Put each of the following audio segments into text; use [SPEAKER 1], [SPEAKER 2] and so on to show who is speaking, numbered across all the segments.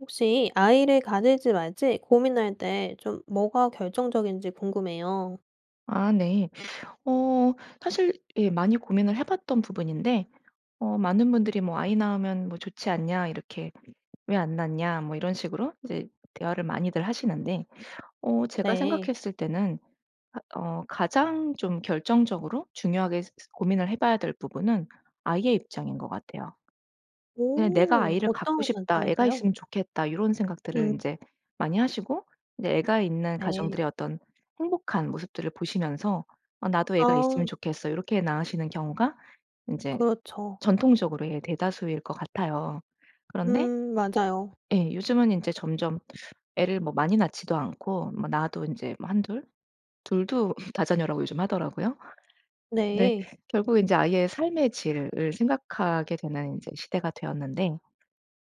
[SPEAKER 1] 혹시 아이를 가질지 말지 고민할 때 좀 뭐가 결정적인지 궁금해요.
[SPEAKER 2] 아 네. 어 사실 예 많이 고민을 해봤던 부분인데 어 많은 분들이 뭐 "아이 낳으면 뭐 좋지 않냐." 이렇게 "왜 안 낳냐." 뭐 이런 식으로 이제 대화를 많이들 하시는데 어 제가
[SPEAKER 1] 네.
[SPEAKER 2] 생각했을 때는 아 어 가장 좀 결정적으로 중요하게 스스 고민을 해 봐야 될 부분은 아이의 입장인 것 같아요. 그냥 '내가
[SPEAKER 1] 오.
[SPEAKER 2] 아이를 갖고
[SPEAKER 1] 어떤
[SPEAKER 2] 싶다. 애가
[SPEAKER 1] 관점에서요?
[SPEAKER 2] 있으면 좋겠다.' 요런 생각들을
[SPEAKER 1] 음.
[SPEAKER 2] 인제 많이 하시고 이제 애가 있는
[SPEAKER 1] 네.
[SPEAKER 2] 가정들의 어떤 행복한 모습들을 보시면서 '어 나도 애가
[SPEAKER 1] 아.
[SPEAKER 2] 있으면 좋겠어.' 요렇게 낳으시는 경우가 인제
[SPEAKER 1] 그렇죠.
[SPEAKER 2] 전통적으로의 대다수일 것 같아요. 그런데
[SPEAKER 1] 음. 맞아요.
[SPEAKER 2] 예. 요즘은 인제 점점 애를 뭐 많이 낳지도 않고 뭐 낳아도 인제 뭐 1-2? 2 도 다자녀라고 요즘 하더라고요. 근데
[SPEAKER 1] 네.
[SPEAKER 2] 결국에 인제 아이의 삶의 질을 생각하게 되는 이제 시대가 되었는데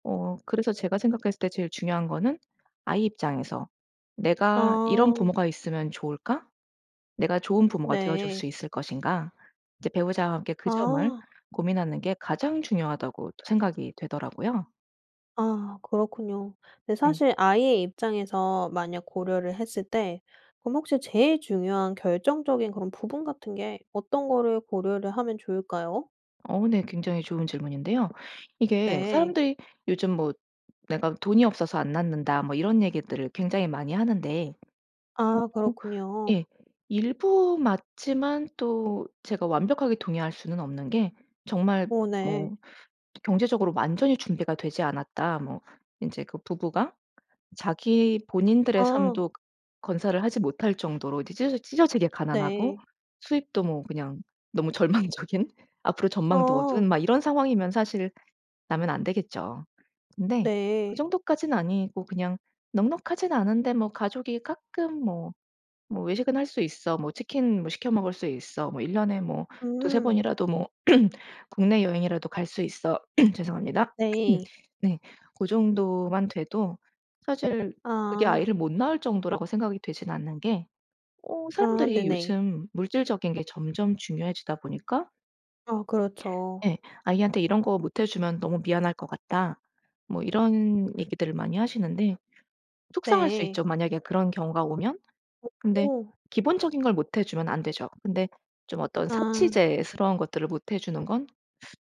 [SPEAKER 2] 어 그래서 제가 생각했을 때 제일 중요한 거는 '아이 입장에서 내가 이런
[SPEAKER 1] 아.
[SPEAKER 2] 부모가 있으면 좋을까? 내가 좋은 부모가 되어줄
[SPEAKER 1] 네.
[SPEAKER 2] 수 있을 것인가?' 이제 배우자와 함께 그 점을
[SPEAKER 1] 아.
[SPEAKER 2] 고민하는 게 가장 중요하다고 생각이 되더라고요.
[SPEAKER 1] 아 그렇군요. 근데
[SPEAKER 2] 예.
[SPEAKER 1] 사실 아이의 입장에서 만약 고려를 했을 때 그럼 혹시 제일 중요한 결정적인 그런 부분 같은 게 어떤 거를 고려를 하면 좋을까요?
[SPEAKER 2] 어. 네. 굉장히 좋은 질문인데요. 이게
[SPEAKER 1] 네.
[SPEAKER 2] 사람들이 요즘 뭐 "내가 돈이 없어서 안 낳는다." 뭐 이런 얘기들을 굉장히 많이 하는데 어
[SPEAKER 1] 아 그렇군요.
[SPEAKER 2] 예. 일부 맞지만 또 제가 완벽하게 동의할 수는 없는 게 정말
[SPEAKER 1] 오 네.
[SPEAKER 2] 뭐 또 경제적으로 완전히 준비가 되지 않았다. 뭐 인제 그 부부가 자기 본인들의
[SPEAKER 1] 어.
[SPEAKER 2] 삶도 건사를 하지 못 할 정도로 이제 찢어 찢어지게 가난하고
[SPEAKER 1] 네.
[SPEAKER 2] 수입도 뭐 그냥 너무 절망적인 앞으로 전망도
[SPEAKER 1] 어.
[SPEAKER 2] 어두운 막 이런 상황이면 사실 낳으면 안 되겠죠. 근데 그
[SPEAKER 1] 네.
[SPEAKER 2] 정도까진 아니고 그냥 넉넉하진 않은데 뭐 가족이 가끔 뭐 뭐 외식은 할 수 있어. 뭐 치킨 뭐 시켜 먹을 수 있어. 뭐 1 년에 뭐 2-3
[SPEAKER 1] 음.
[SPEAKER 2] 번이라도 뭐 국내 여행이라도 갈 수 있어. 죄송합니다. 음
[SPEAKER 1] 네.
[SPEAKER 2] 네. 고 정도만 돼도 사실 그게
[SPEAKER 1] 아.
[SPEAKER 2] 아이를 못 낳을 정도라고 생각이 되진 않는 게 어
[SPEAKER 1] 아.
[SPEAKER 2] 사람들이
[SPEAKER 1] 네네.
[SPEAKER 2] 요즘 물질적인 게 점점 중요해지다 보니까
[SPEAKER 1] 아 그렇죠.
[SPEAKER 2] 예. "아이한테 이런 거 못 해주면 너무 미안할 것 같다." 뭐 이런 얘기들을 많이 하시는데 속상할 수
[SPEAKER 1] 네.
[SPEAKER 2] 있죠, 만약에 그런 경우가 오면. 근데
[SPEAKER 1] 오오.
[SPEAKER 2] 기본적인 걸 못 해주면 안 되죠. 근데 좀 어떤
[SPEAKER 1] 아.
[SPEAKER 2] 사치제스러운 것들을 못 해주는 건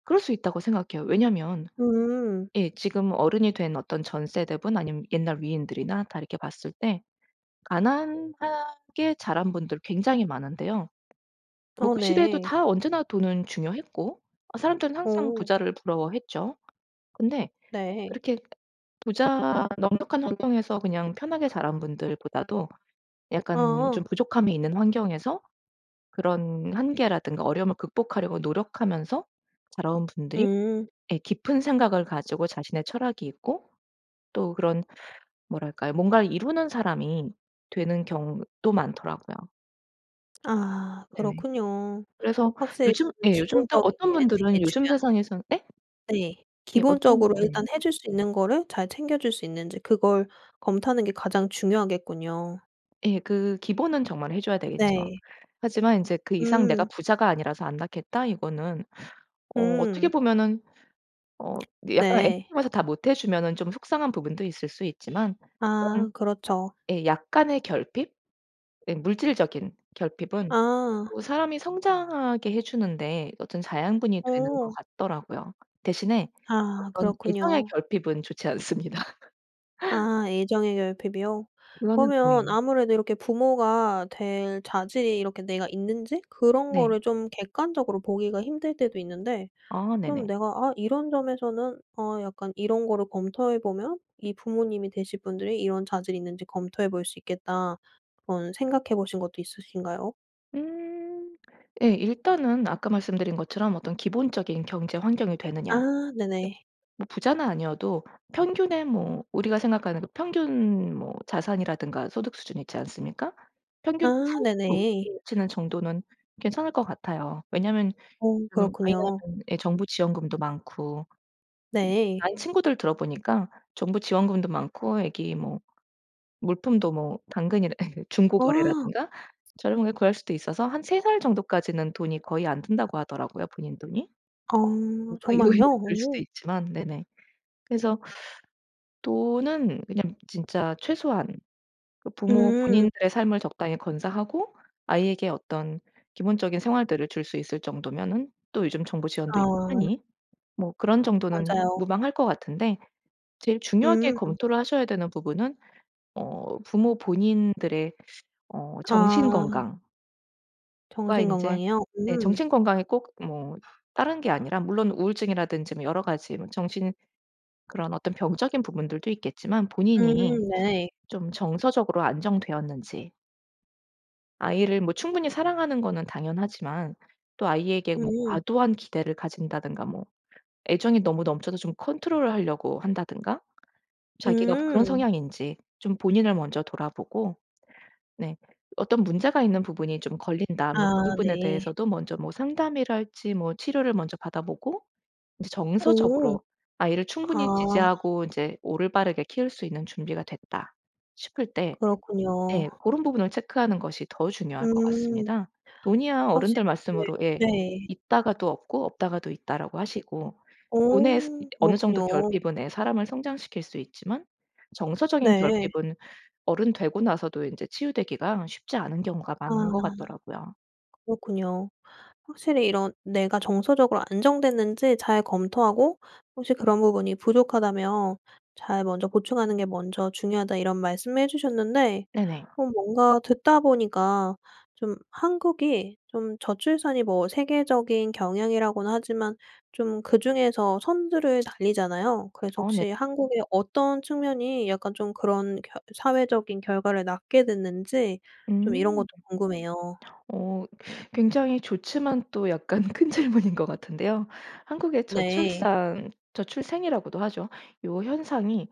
[SPEAKER 2] 그럴 수 있다고 생각해요. 왜냐하면
[SPEAKER 1] 음.
[SPEAKER 2] 예 지금 어른이 된 어떤 전 세대분 아니면 옛날 위인들이나 다 이렇게 봤을 때 가난하게 자란 분들 굉장히 많은데요. 뭐
[SPEAKER 1] 아
[SPEAKER 2] 그 시대에도
[SPEAKER 1] 네.
[SPEAKER 2] 다 언제나 돈은 중요했고 사람들은 항상
[SPEAKER 1] 오.
[SPEAKER 2] 부자를 부러워했죠. 근데
[SPEAKER 1] 네.
[SPEAKER 2] 그렇게 부자 넉넉한 환경에서 그냥 편하게 자란 분들보다도 약간
[SPEAKER 1] 아.
[SPEAKER 2] 좀 부족함이 있는 환경에서 그런 한계라든가 어려움을 극복하려고 노력하면서 자라온 분들이
[SPEAKER 1] 음.
[SPEAKER 2] 예 깊은 생각을 가지고 자신의 철학이 있고 또 그런 뭐랄까요, 무언갈 이루는 사람이 되는 경우도 많더라고요.
[SPEAKER 1] 아
[SPEAKER 2] 네네.
[SPEAKER 1] 그렇군요.
[SPEAKER 2] 그래서
[SPEAKER 1] 확실히
[SPEAKER 2] 요즘
[SPEAKER 1] 그
[SPEAKER 2] 예 요즘 또
[SPEAKER 1] 기본적인
[SPEAKER 2] 어떤
[SPEAKER 1] 게
[SPEAKER 2] 분들은
[SPEAKER 1] 제일
[SPEAKER 2] 요즘
[SPEAKER 1] 중요하네요.
[SPEAKER 2] 세상에선 예?
[SPEAKER 1] 네.
[SPEAKER 2] 예 어떤
[SPEAKER 1] 기본적으로
[SPEAKER 2] 네.
[SPEAKER 1] 일단 해줄 수 있는 거를 잘 챙겨줄 수 있는지 그걸 검토하는 게 가장 중요하겠군요.
[SPEAKER 2] 예. 그 기본은 정말 해줘야 되겠죠.
[SPEAKER 1] 네.
[SPEAKER 2] 하지만 인제 그 이상 '내가
[SPEAKER 1] 음.
[SPEAKER 2] 부자가 아니라서 안 낳겠다.' 이거는 어 어떻게
[SPEAKER 1] 음.
[SPEAKER 2] 보면은 어 근데 약간 애들
[SPEAKER 1] 네.
[SPEAKER 2] 쪽에서 다 못 해주면은 좀 속상한 부분도 있을 수 있지만 그런
[SPEAKER 1] 아 그렇죠.
[SPEAKER 2] 예 약간의 결핍 음 물질적인 결핍은
[SPEAKER 1] 아.
[SPEAKER 2] 또 사람이 성장하게 해주는데 어떤 자양분이 되는 것
[SPEAKER 1] 오.
[SPEAKER 2] 같더라고요. 대신에
[SPEAKER 1] 아
[SPEAKER 2] 어떤 애정의
[SPEAKER 1] 그렇군요.
[SPEAKER 2] 결핍은 좋지 않습니다.
[SPEAKER 1] 아 애정의 결핍이요.
[SPEAKER 2] [unintelligible]
[SPEAKER 1] 그러면
[SPEAKER 2] 네.
[SPEAKER 1] 아무래도 이렇게 부모가 될 자질이 이렇게 내가 있는지 그런
[SPEAKER 2] 네.
[SPEAKER 1] 거를 좀 객관적으로 보기가 힘들 때도 있는데
[SPEAKER 2] 아
[SPEAKER 1] 그럼
[SPEAKER 2] 네네.
[SPEAKER 1] 내가 '아 이런 점에서는 어 약간 이런 거를 검토해보면 이 부모님이 되실 분들이 이런 자질이 있는지 검토해 볼 수 있겠다.' 그런 생각해 보신 것도 있으신가요?
[SPEAKER 2] 음 예 일단은 아까 말씀드린 것처럼 어떤 기본적인 경제 환경이 되느냐?
[SPEAKER 1] 아 네네.
[SPEAKER 2] 뭐 부자는 아니어도 평균에 뭐 우리가 생각하는 그 평균 뭐 자산이라든가 소득 수준이 있지 않습니까? 평균치
[SPEAKER 1] 아
[SPEAKER 2] 살
[SPEAKER 1] 네네.
[SPEAKER 2] [unintelligible] 치는 정도는 괜찮을 것 같아요. 왜냐하면
[SPEAKER 1] 오
[SPEAKER 2] 음
[SPEAKER 1] 그렇군요.
[SPEAKER 2] 아이는 예 정부 지원금도 많고 아이
[SPEAKER 1] 네.
[SPEAKER 2] 친구들 들어 보니까 정부 지원금도 많고 아기 뭐 물품도 뭐 당근이나 중고
[SPEAKER 1] 아.
[SPEAKER 2] 거래라든가 저렴하게 구할 수도 있어서 한 3 살 정도까지는 돈이 거의 안 든다고 하더라고요 본인 돈이.
[SPEAKER 1] 아
[SPEAKER 2] 음. 그 이후에는
[SPEAKER 1] 정말요?
[SPEAKER 2] 들 수도
[SPEAKER 1] 오.
[SPEAKER 2] 있지만 네네. 그래서 또는 그냥 진짜 최소한 그 부모
[SPEAKER 1] 음.
[SPEAKER 2] 본인들의 삶을 적당히 건사하고 아이에게 어떤 기본적인 생활들을 줄 수 있을 정도면은 또 요즘 정부 지원도 있고
[SPEAKER 1] 아.
[SPEAKER 2] 하니 뭐 그런 정도는
[SPEAKER 1] 맞아요.
[SPEAKER 2] 무방할 것 같은데 제일 중요하게
[SPEAKER 1] 음.
[SPEAKER 2] 검토를 하셔야 되는 부분은 어 부모 본인들의 어 정신
[SPEAKER 1] 아.
[SPEAKER 2] 건강
[SPEAKER 1] 정신
[SPEAKER 2] 그러니까 인제
[SPEAKER 1] 건강이요?
[SPEAKER 2] 네.
[SPEAKER 1] 음.
[SPEAKER 2] 정신 건강이 꼭 뭐 다른 게 아니라 물론 우울증이라든지 뭐 여러 가지 뭐 정신 그런 어떤 병적인 부분들도 있겠지만
[SPEAKER 1] 음
[SPEAKER 2] 본인이
[SPEAKER 1] 네.
[SPEAKER 2] 좀 정서적으로 안정되었는지 아이를 뭐 충분히 사랑하는 거는 당연하지만 또 아이에게 뭐
[SPEAKER 1] 음.
[SPEAKER 2] 과도한 기대를 가진다든가 뭐 애정이 너무 넘쳐서 좀 컨트롤을 하려고 한다든가 자기가 그런
[SPEAKER 1] 음.
[SPEAKER 2] 성향인지 좀 본인을 먼저 돌아보고 네 어떤 문제가 있는 부분이 좀 걸린다 하면
[SPEAKER 1] 아
[SPEAKER 2] 그 부분에
[SPEAKER 1] 네.
[SPEAKER 2] 대해서도 먼저 뭐 상담이랄지 뭐 치료를 먼저 받아보고 이제
[SPEAKER 1] 오.
[SPEAKER 2] 정서적으로 아이를
[SPEAKER 1] 아.
[SPEAKER 2] 충분히 지지하고 이제 올바르게 키울 수 있는 준비가 됐다 싶을 때
[SPEAKER 1] 그렇군요.
[SPEAKER 2] 네 고런 부분을 체크하는 것이 더 중요할 것
[SPEAKER 1] 음.
[SPEAKER 2] 같습니다. 돈이야
[SPEAKER 1] 사실
[SPEAKER 2] 어른들
[SPEAKER 1] 네.
[SPEAKER 2] 말씀으로 예
[SPEAKER 1] 네.
[SPEAKER 2] "있다가도 없고 없다가도 있다."라고 하시고 돈의 스
[SPEAKER 1] 어
[SPEAKER 2] 어느 정도
[SPEAKER 1] 그렇군요.
[SPEAKER 2] 결핍은 애 사람을 성장시킬 수 있지만 정서적인
[SPEAKER 1] 네.
[SPEAKER 2] 결핍은 어른 되고 나서도 인제 치유되기가 쉽지 않은 경우가
[SPEAKER 1] 아
[SPEAKER 2] 많은 것 같더라고요.
[SPEAKER 1] 그렇군요. 확실히 이런 내가 정서적으로 안정됐는지 잘 검토하고 혹시 그런 부분이 부족하다면 잘 먼저 보충하는 게 먼저 중요하다 이런 말씀을 해 주셨는데
[SPEAKER 2] 네네.
[SPEAKER 1] 어 뭔가 듣다 보니까 좀 한국이 좀 저출산이 뭐 세계적인 경향이라고는 하지만 좀 그중에서 선두를 달리잖아요. 그래서
[SPEAKER 2] 어 네.
[SPEAKER 1] 혹시 한국의 어떤 측면이 약간 좀 그런 결 사회적인 결과를 낳게 됐는지 좀 이런
[SPEAKER 2] 음.
[SPEAKER 1] 것도 궁금해요.
[SPEAKER 2] 어 굉장히 좋지만 또 약간 큰 질문인 것 같은데요. 한국의
[SPEAKER 1] 네.
[SPEAKER 2] 저출산 저출생이라고도 하죠. 요 현상이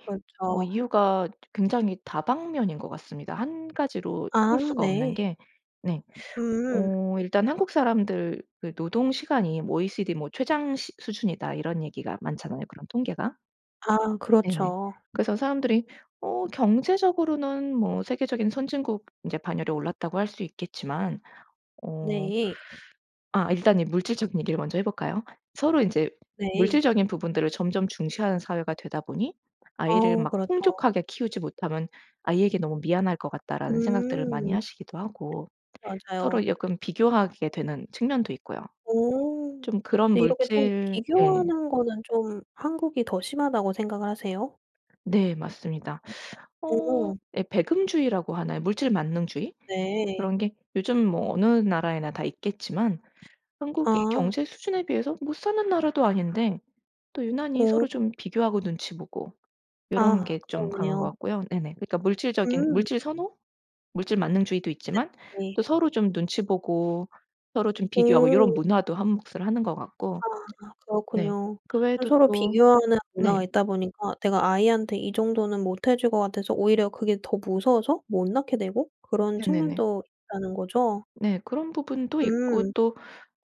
[SPEAKER 2] 어
[SPEAKER 1] 그렇죠.
[SPEAKER 2] 이유가 굉장히 다방면인 것 같습니다. 1 가지로
[SPEAKER 1] 아
[SPEAKER 2] 쓸 수가 없는
[SPEAKER 1] 네.
[SPEAKER 2] 게 네.
[SPEAKER 1] 음.
[SPEAKER 2] 어 일단 "한국 사람들의 노동 시간이 OECD 뭐 최장 시 수준이다." 이런 얘기가 많잖아요 그런 통계가.
[SPEAKER 1] 아
[SPEAKER 2] 네네.
[SPEAKER 1] 그렇죠.
[SPEAKER 2] 그래서 사람들이 어 경제적으로는 뭐 세계적인 선진국 인제 반열에 올랐다고 할 수 있겠지만 어
[SPEAKER 1] 네.
[SPEAKER 2] 아 일단 이 물질적인 얘기를 먼저 해 볼까요? 서로 인제
[SPEAKER 1] 네.
[SPEAKER 2] 물질적인 부분들을 점점 중시하는 사회가 되다 보니 '아이를
[SPEAKER 1] 어
[SPEAKER 2] 막
[SPEAKER 1] 그렇죠.
[SPEAKER 2] 풍족하게 키우지 못하면 아이에게 너무 미안할 것 같다.'라는 생각들을 많이
[SPEAKER 1] 음.
[SPEAKER 2] 하시기도 하고
[SPEAKER 1] 맞아요.
[SPEAKER 2] 서로 약간 비교하게 되는 측면도 있고요.
[SPEAKER 1] 오.
[SPEAKER 2] 좀 그런
[SPEAKER 1] 근데 이렇게 좀
[SPEAKER 2] 물질 예.
[SPEAKER 1] 비교하는 거는 좀 한국이 더 심하다고 생각을 하세요?
[SPEAKER 2] 네. 맞습니다. 어
[SPEAKER 1] 오.
[SPEAKER 2] 예 배금주의라고 하나요? 물질만능주의?
[SPEAKER 1] 네.
[SPEAKER 2] 그런 게 요즘 뭐 어느 나라에나 다 있겠지만 한국이
[SPEAKER 1] 아.
[SPEAKER 2] 경제 수준에 비해서 못 사는 나라도 아닌데 또 유난히
[SPEAKER 1] 오.
[SPEAKER 2] 서로 좀 비교하고 눈치 보고 요런
[SPEAKER 1] 아
[SPEAKER 2] 게 좀 강한 것
[SPEAKER 1] 그렇네요.
[SPEAKER 2] 같고요. 네네. 그러니까 물질적인
[SPEAKER 1] 음.
[SPEAKER 2] 물질 선호? 물질만능주의도 있지만
[SPEAKER 1] 네네.
[SPEAKER 2] 또 서로 좀 눈치 보고 서로 좀 비교하고 요런
[SPEAKER 1] 오.
[SPEAKER 2] 문화도 한 몫을 하는 것 같고.
[SPEAKER 1] 아
[SPEAKER 2] 네
[SPEAKER 1] 그렇군요.
[SPEAKER 2] 그
[SPEAKER 1] 좀
[SPEAKER 2] 외에도
[SPEAKER 1] 서로
[SPEAKER 2] 또
[SPEAKER 1] 비교하는
[SPEAKER 2] 네.
[SPEAKER 1] 문화가 있다 보니까 내가 아이한테 이 정도는 못 해 줄 것 같아서 오히려 그게 더 무서워서 못 낳게 되고 그런
[SPEAKER 2] 네네네.
[SPEAKER 1] 측면도 있다는 거죠?
[SPEAKER 2] 네 그런 부분도 있고
[SPEAKER 1] 음.
[SPEAKER 2] 또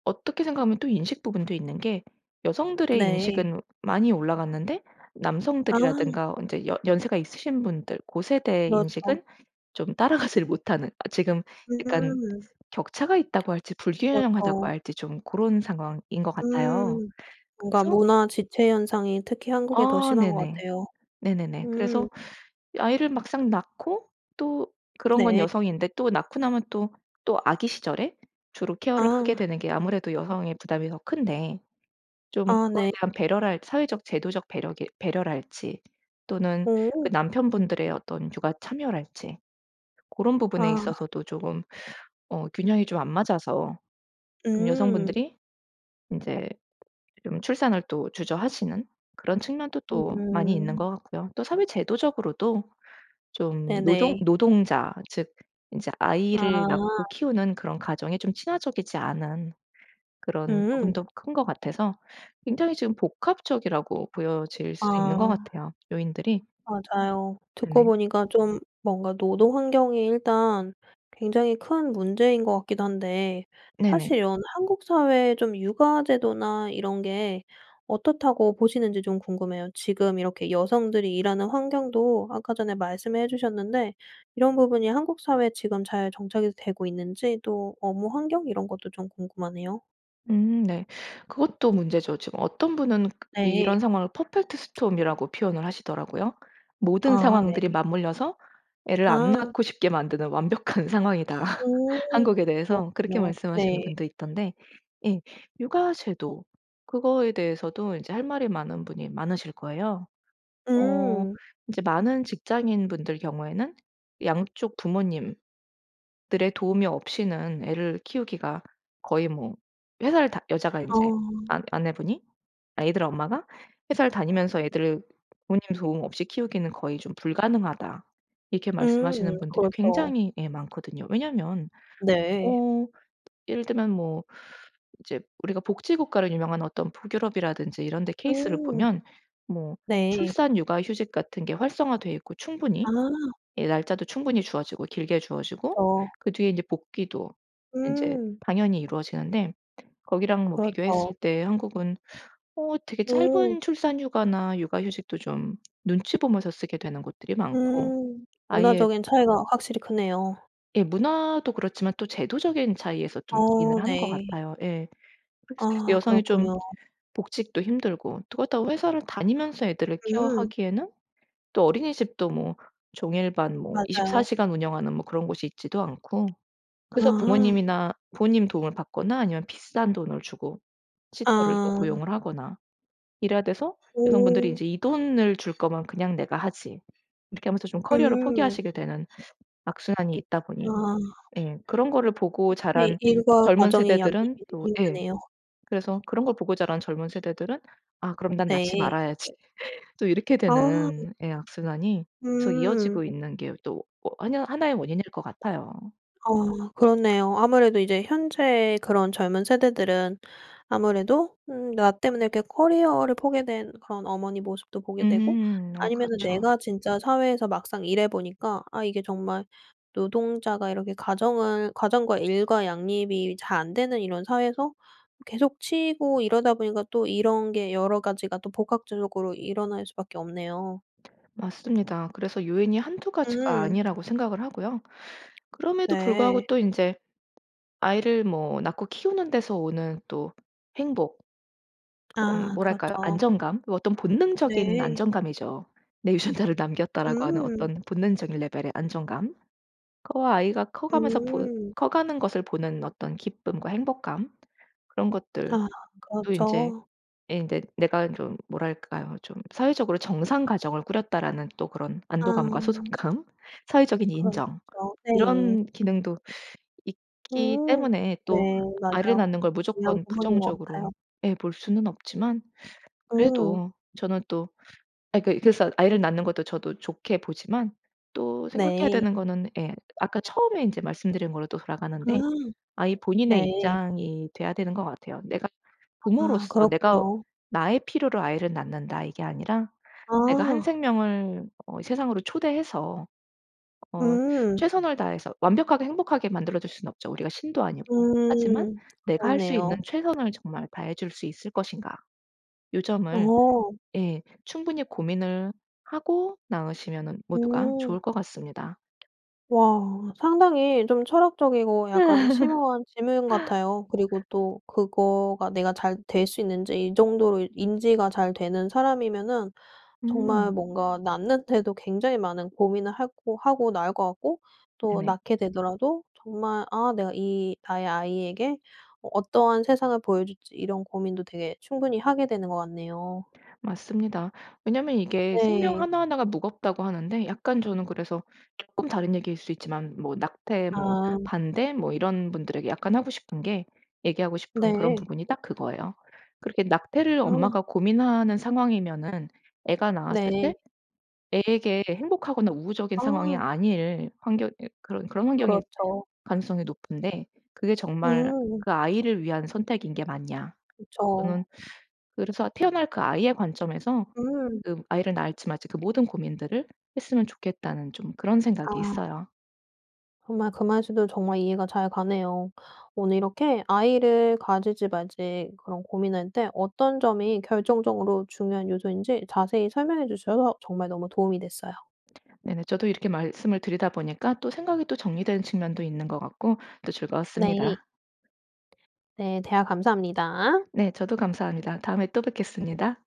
[SPEAKER 2] 어떻게 생각하면 또 인식 부분도 있는 게 여성들의
[SPEAKER 1] 네.
[SPEAKER 2] 인식은 많이 올라갔는데
[SPEAKER 1] 아.
[SPEAKER 2] 남성들이라든가 인제 여 연세가 있으신 분들 고 세대의
[SPEAKER 1] 그렇죠.
[SPEAKER 2] 인식은 좀 따라가지를 못하는 아 지금 약간
[SPEAKER 1] 음.
[SPEAKER 2] 격차가 있다고 할지 불균형하다고
[SPEAKER 1] 그렇죠.
[SPEAKER 2] 할지 좀 고런 상황인 것 같아요.
[SPEAKER 1] 음. 뭔가
[SPEAKER 2] 그래서
[SPEAKER 1] 문화 지체 현상이 특히 한국에 더
[SPEAKER 2] 아
[SPEAKER 1] 심한 것
[SPEAKER 2] 네네.
[SPEAKER 1] 같아요.
[SPEAKER 2] 네네네.
[SPEAKER 1] 음.
[SPEAKER 2] 그래서 아이를 막상 낳고 또 그런 건
[SPEAKER 1] 네.
[SPEAKER 2] 여성인데 또 낳고 나면 또 또 아기 시절에 주로 케어를 하게
[SPEAKER 1] 아.
[SPEAKER 2] 되는 게 아무래도 여성의 부담이 더 큰데 좀
[SPEAKER 1] 아
[SPEAKER 2] 그거에
[SPEAKER 1] 네.
[SPEAKER 2] 대한 배려랄지 사회적 제도적 배려게 배려랄지 또는 그
[SPEAKER 1] 오.
[SPEAKER 2] 남편분들의 어떤 육아 참여랄지 고런 부분에
[SPEAKER 1] 아.
[SPEAKER 2] 있어서도 쪼금 어 균형이 좀 안 맞아서 좀
[SPEAKER 1] 음.
[SPEAKER 2] 여성분들이 인제 좀 출산을 또 주저하시는 그런 측면도 또 많이 있는
[SPEAKER 1] 음.
[SPEAKER 2] 것 같고요. 또 사회 제도적으로도 좀 노동
[SPEAKER 1] 네네.
[SPEAKER 2] 노동자 즉 인제 아이를 낳고
[SPEAKER 1] 아.
[SPEAKER 2] 키우는 그런 가정에 좀 친화적이지 않은 그런
[SPEAKER 1] 음.
[SPEAKER 2] 부분도 큰 것 같아서 굉장히 지금 복합적이라고 보여질 수도 있는 것
[SPEAKER 1] 아.
[SPEAKER 2] 같아요 요인들이.
[SPEAKER 1] 맞아요. 듣고
[SPEAKER 2] 네.
[SPEAKER 1] 보니까 좀 뭔가 노동 환경이 일단 굉장히 큰 문제인 것 같기도 한데 사실
[SPEAKER 2] 네네.
[SPEAKER 1] 이런 한국 사회의 좀 육아 제도나 이런 게 어떻다고 보시는지 좀 궁금해요. 지금 이렇게 여성들이 일하는 환경도 아까 전에 말씀해 주셨는데 이런 부분이 한국 사회에 지금 잘 정착이 되고 있는지 또 업무 환경 이런 것도 좀 궁금하네요.
[SPEAKER 2] 음 네. 그것도 문제죠. 지금 어떤 분은 이
[SPEAKER 1] 네.
[SPEAKER 2] 이런 상황을 퍼펙트 스톰이라고 표현을 하시더라고요. "모든
[SPEAKER 1] 아
[SPEAKER 2] 상황들이
[SPEAKER 1] 네.
[SPEAKER 2] 맞물려서 애를 안
[SPEAKER 1] 아.
[SPEAKER 2] 낳고 싶게 만드는 완벽한 상황이다."
[SPEAKER 1] 오
[SPEAKER 2] 한국에 대해서 그렇게
[SPEAKER 1] 그렇군요.
[SPEAKER 2] 말씀하시는
[SPEAKER 1] 네.
[SPEAKER 2] 분도 있던데 예 육아 제도 그거에 대해서도 인제 할 말이 많은 분이 많으실 거예요. 어
[SPEAKER 1] 음.
[SPEAKER 2] 인제 많은 직장인분들 경우에는 "양쪽 부모님들의 도움이 없이는 애를 키우기가 거의 뭐 회사를 다 여자가 인제
[SPEAKER 1] 아.
[SPEAKER 2] 아 아내분이 아이들 엄마가 회사를 다니면서 애들을 부모님 도움 없이 키우기는 거의 좀 불가능하다." 이렇게
[SPEAKER 1] 음
[SPEAKER 2] 말씀하시는 분들이
[SPEAKER 1] 그렇죠.
[SPEAKER 2] 굉장히 예 많거든요. 왜냐면
[SPEAKER 1] 네.
[SPEAKER 2] 어 예를 들면 뭐 인제 우리가 복지국가로 유명한 어떤 북유럽이라든지 이런데 케이스를
[SPEAKER 1] 음.
[SPEAKER 2] 보면 뭐
[SPEAKER 1] 네.
[SPEAKER 2] 출산 육아 휴직 같은 게 활성화 되어 있고 충분히
[SPEAKER 1] 아.
[SPEAKER 2] 예 날짜도 충분히 주어지고 길게 주어지고
[SPEAKER 1] 그쵸.
[SPEAKER 2] 그 뒤에 이제 복귀도 인제
[SPEAKER 1] 음.
[SPEAKER 2] 당연히 이루어지는데 거기랑 뭐
[SPEAKER 1] 그렇죠.
[SPEAKER 2] 비교했을 때 한국은 어 되게
[SPEAKER 1] 오.
[SPEAKER 2] 짧은 출산 휴가나 육아 휴직도 좀 눈치 보면서 쓰게 되는 곳들이 많고
[SPEAKER 1] 음
[SPEAKER 2] 아예
[SPEAKER 1] 문화적인 차이가 확실히 크네요.
[SPEAKER 2] 예. 문화도 그렇지만 또 제도적인 차이에서 좀 기인을
[SPEAKER 1] 어
[SPEAKER 2] 하는 것
[SPEAKER 1] 네.
[SPEAKER 2] 같아요. 예. [unintelligible]
[SPEAKER 1] 아
[SPEAKER 2] 여성이 좀
[SPEAKER 1] 그렇군요.
[SPEAKER 2] 복직도 힘들고 또 그렇다고 회사를 다니면서 애들을
[SPEAKER 1] 음.
[SPEAKER 2] 케어하기에는 또 어린이집도 뭐 종일반 뭐 24
[SPEAKER 1] 맞아요.
[SPEAKER 2] 시간 운영하는 뭐 그런 곳이 있지도 않고 그래서
[SPEAKER 1] 아.
[SPEAKER 2] 부모님이나 부모님 도움을 받거나 아니면 비싼 돈을 주고 시터를 또
[SPEAKER 1] 아.
[SPEAKER 2] 고용을 하거나 이래야 돼서 여성분들이
[SPEAKER 1] 음.
[SPEAKER 2] 이제 '이 돈을 줄 거면 그냥 내가 하지.' 이렇게 하면서 좀 커리어를
[SPEAKER 1] 음.
[SPEAKER 2] 포기하시게 되는 악순환이 있다 보니
[SPEAKER 1] 아.
[SPEAKER 2] 예 그런 거를
[SPEAKER 1] 어
[SPEAKER 2] 보고
[SPEAKER 1] 되게
[SPEAKER 2] 자란
[SPEAKER 1] 일과
[SPEAKER 2] 젊은
[SPEAKER 1] 가정의 양립이
[SPEAKER 2] 세대들은
[SPEAKER 1] 되게
[SPEAKER 2] 또 예
[SPEAKER 1] 힘드네요.
[SPEAKER 2] 그래서 그런 걸 보고 자란 젊은 세대들은 '아 그럼 난 낳지
[SPEAKER 1] 네.
[SPEAKER 2] 말아야지.' 또 이렇게
[SPEAKER 1] 아.
[SPEAKER 2] 되는 예 악순환이 계속
[SPEAKER 1] 음.
[SPEAKER 2] 이어지고 있는 게 또 워 하나 하나의 원인일 것 같아요.
[SPEAKER 1] 아 그렇네요. 아무래도 이제 현재의 그런 젊은 세대들은 아무래도 음 나 때문에 이렇게 커리어를 포게 된 그런 어머니 모습도 보게 되고
[SPEAKER 2] 음 어
[SPEAKER 1] 아니면은
[SPEAKER 2] 그렇죠.
[SPEAKER 1] 내가 진짜 사회에서 막상 일해 보니까 아 이게 정말 노동자가 이렇게 가정을 가정과 일과 양립이 잘 안되는 이런 사회에서 계속 치이고 이러다 보니까 또 이런 게 여러 가지가 또 복합적으로 일어날 수밖에 없네요.
[SPEAKER 2] 맞습니다. 그래서 요인이 1-2 가지가
[SPEAKER 1] 음.
[SPEAKER 2] 아니라고 생각을 하고요. 그럼에도 불구하고
[SPEAKER 1] 네.
[SPEAKER 2] 또 인제 아이를 뭐 낳고 키우는 데서 오는 또 행복 그
[SPEAKER 1] 아
[SPEAKER 2] 뭐랄까요?
[SPEAKER 1] 그렇죠.
[SPEAKER 2] 안정감? 어떤 본능적인
[SPEAKER 1] 네.
[SPEAKER 2] 안정감이죠. '내 유전자를 남겼다.'라고 하는
[SPEAKER 1] 음.
[SPEAKER 2] 어떤 본능적인 레벨의 안정감. 그 아이가 커가면서 보
[SPEAKER 1] 음.
[SPEAKER 2] 커가는 것을 보는 어떤 기쁨과 행복감. 그런 것들도
[SPEAKER 1] 아
[SPEAKER 2] 인제
[SPEAKER 1] 그렇죠.
[SPEAKER 2] 예 인제 내가 좀 뭐랄까요? 좀 '사회적으로 정상 가정을 꾸렸다.'라는 또 그런 안도감과
[SPEAKER 1] 아.
[SPEAKER 2] 소속감. 사회적인 인정
[SPEAKER 1] 그렇죠. 네.
[SPEAKER 2] 이런 기능도 있기
[SPEAKER 1] 음
[SPEAKER 2] 때문에
[SPEAKER 1] 네.
[SPEAKER 2] 또 아이를
[SPEAKER 1] 맞아요.
[SPEAKER 2] 낳는 걸
[SPEAKER 1] 중요한
[SPEAKER 2] 무조건
[SPEAKER 1] 부분인 것
[SPEAKER 2] 부정적으로
[SPEAKER 1] 같아요.
[SPEAKER 2] 예 볼 수는 없지만
[SPEAKER 1] 음.
[SPEAKER 2] 그래도 저는 또 아 그 그래서 아이를 낳는 것도 저도 좋게 보지만 또 생각해야
[SPEAKER 1] 네.
[SPEAKER 2] 되는 거는 예 아까 처음에 인제 말씀드린 걸로 또
[SPEAKER 1] 아.
[SPEAKER 2] 돌아가는데 아이 본인의
[SPEAKER 1] 네.
[SPEAKER 2] 입장이 돼야 되는 것 같아요. 내가
[SPEAKER 1] 아
[SPEAKER 2] 부모로서 내가
[SPEAKER 1] 그렇군요.
[SPEAKER 2] 나의 필요로 아이를 낳는다 이게 아니라 내가 한
[SPEAKER 1] 아.
[SPEAKER 2] 생명을 어 세상으로 초대해서 어
[SPEAKER 1] 음.
[SPEAKER 2] 최선을 다해서 완벽하게 행복하게 만들어줄 수는 없죠 우리가 신도 아니고. 하지만
[SPEAKER 1] 음.
[SPEAKER 2] '내가 할 수 있는
[SPEAKER 1] 그러네요.
[SPEAKER 2] 최선을 정말 다해줄 수 있을 것인가?' 요 점을
[SPEAKER 1] 어.
[SPEAKER 2] 예 충분히 고민을 하고 낳으시면은 모두가
[SPEAKER 1] 음.
[SPEAKER 2] 좋을 것 같습니다.
[SPEAKER 1] 와 상당히 좀 철학적이고 약간 심오한 질문 같아요. 그리고 또 그거가 내가 잘 될 수 있는지 이 정도로 인지가 잘 되는 사람이면은 정말
[SPEAKER 2] 음.
[SPEAKER 1] 뭔가 낳는데도 굉장히 많은 고민을 하고 하고 낳을 것 같고 또
[SPEAKER 2] 네네.
[SPEAKER 1] 낳게 되더라도 정말 아 내가 이 나의 아이에게 어 어떠한 세상을 보여줄지 이런 고민도 되게 충분히 하게 되는 것 같네요.
[SPEAKER 2] 맞습니다. 왜냐하면 이게 생명
[SPEAKER 1] 네.
[SPEAKER 2] 하나하나가 무겁다고 하는데 약간 저는 그래서 쪼끔 다른 얘기일 수 있지만 뭐 낙태 뭐
[SPEAKER 1] 아.
[SPEAKER 2] 반대 뭐 이런 분들에게 약간 하고 싶은 게 얘기하고 싶은 그런
[SPEAKER 1] 네.
[SPEAKER 2] 부분이 딱 그거예요. 그렇게 낙태를 엄마가
[SPEAKER 1] 아.
[SPEAKER 2] 고민하는 상황이면은 애가 낳았을
[SPEAKER 1] 네.
[SPEAKER 2] 때 애에게 행복하거나 우호적인 상황이
[SPEAKER 1] 아.
[SPEAKER 2] 아닐 환경 이 그런 그런 환경일
[SPEAKER 1] 그렇죠.
[SPEAKER 2] 가능성이 높은데 그게 정말
[SPEAKER 1] 음.
[SPEAKER 2] 그 아이를 위한 선택인 게 맞냐 저는
[SPEAKER 1] 그쵸.
[SPEAKER 2] 그래서 태어날 그 아이의 관점에서
[SPEAKER 1] 음.
[SPEAKER 2] 그 아이를 낳을지 말지 그 모든 고민들을 했으면 좋겠다는 좀 그런 생각이
[SPEAKER 1] 아.
[SPEAKER 2] 있어요.
[SPEAKER 1] 정말 그 말씀도 정말 이해가 잘 가네요. 오늘 이렇게 아이를 가질지 말지 그런 고민할 때 어떤 점이 결정적으로 중요한 요소인지 자세히 설명해 주셔서 정말 너무 도움이 됐어요.
[SPEAKER 2] 네네. 저도 이렇게 말씀을 드리다 보니까 또 생각이 또 정리된 측면도 있는 것 같고 또
[SPEAKER 1] 네.
[SPEAKER 2] 즐거웠습니다.
[SPEAKER 1] 네. 대화 감사합니다.
[SPEAKER 2] 네. 저도 감사합니다. 다음에 또 뵙겠습니다.